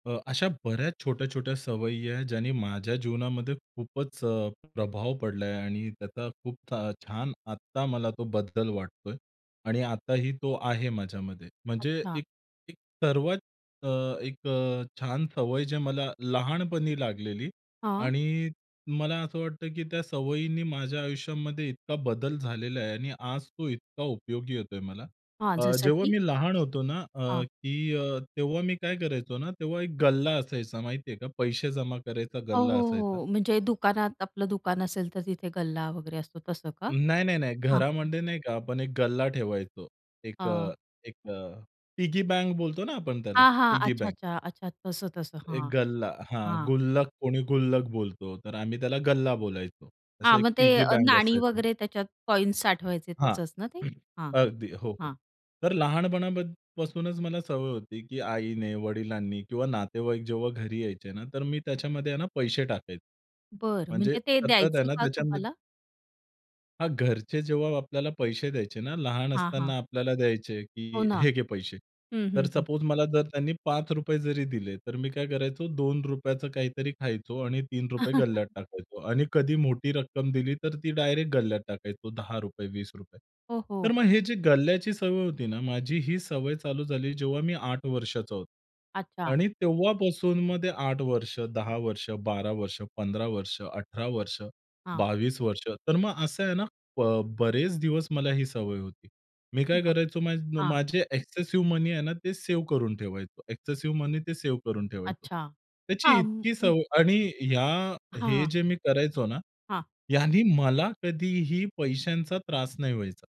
अ, अशा बऱ्याच छोट्या-छोट्या सवयी आहे ज्यांनी माझ्या जीवनामध्ये खूपच अ, प्रभाव पडला आहे आणि त्याचा खूप छ छान आत्ता मला तो बदल वाटतो आहे. आणि आताही तो आहे माझ्यामध्ये. म्हणजे अच्छा. एक, एक सर्वात अ, एक अ, छान सवय जे मला लहानपणी लागलेली हां. आणि मला असं वाटतं, की त्या सवयींनी माझ्या आयुष्यामध्ये इतका बदल झालेला आहे आणि आज तो इतका उपयोगी येतोय मला. हां. अ, जसं जेव्हा की? मी लहान होतो ना अ, हां. की अ, तेव्हा मी काय करायचो ना, तेव्हा एक गल्ला असायचा माहिती आहे का? पैसे जमा करायचा हो, गल्ला असायचा. हो. हो. म्हणजे दुकानात आपलं दुकान असेल तर, तिथे गल्ला वगैरे असतो. तसं का? नाही, नाही, नाही. हां, हां. घरामध्ये नाही का, आपण एक गल्ला ठेवायचो. एक हां. अ, एक अ, पिगी बँक बोलतो ना आपण त्याला, हां, हां. पिगी अच्छा, बँक. अच्छा, अच्छा. तसं, तसं. एक हां, गल्ला हां, हां. गुल्लक कोणी गुल्लक बोलतो. तर आम्ही त्याला गल्ला बोलायचो. असं हां. एक मग ते पिगी अ, बँक नाणी असायचं. वगैरे त्याच्यात कॉइन्स साठवायचे हां, तसंच ना ते. हां, अगदी, हो, हो. हां. तर लहानपणापासूनच मला सवय होती, की आईने, वडिलांनी किंवा नातेवाईक जेव्हा घरी यायचे ना, तर मी त्याच्यामध्ये ना पैसे टाकत. बरं म्हणजे म्हणजे ते सतत आहे द्यायचंय ना, का त्याच्यामध तुम्हाला? हां, घरचे जेव्हा आपल्याला पैसे द्यायचे ना, लहान हां, हां. असताना आपल्याला द्यायचे, हो की ना. "हे घे पैसे." हं, तर हं. हं. सपोज मला जर त्यांनी ₹5 जरी दिले, तर मी काय करायचो ₹2 चं काहीतरी खायचो आणि ₹3 गल्ल्यात टाकायचो. आणि कधी मोठी रक्कम दिली, तर ती डायरेक्ट गल्ल्यात टाकायचो ₹10, ₹20. हो, तर हो. मग हे जी गल्ल्याची सवय होती ना, माझी ही सवय चालू झाली जेव्हा मी 8 वर्षाचा होतो अच्छा. आणि तेव्हापासून मग ते 8 वर्ष, 10 वर्ष, 12 वर्ष, 15 वर्ष, 18 वर्ष, हां. 22 वर्ष, तर मग असं आहे ना, ब बरेच दिवस मला ही सवय होती. मी काय [unintelligible] करायचो मा हां. माझे एक्सेसिव्ह मनी आहे ना, ते सेव्ह करून ठेवायचो. एक्सेसिव्ह मनी ते सेव्ह करून ठेवायचो. अच्छा. त्याची हां. इतकी सवय आणि ह्या हे हां. जे मी करायचो ना, हां. यांनी मला कधीही पैशांचा त्रास नाही व्हायचा.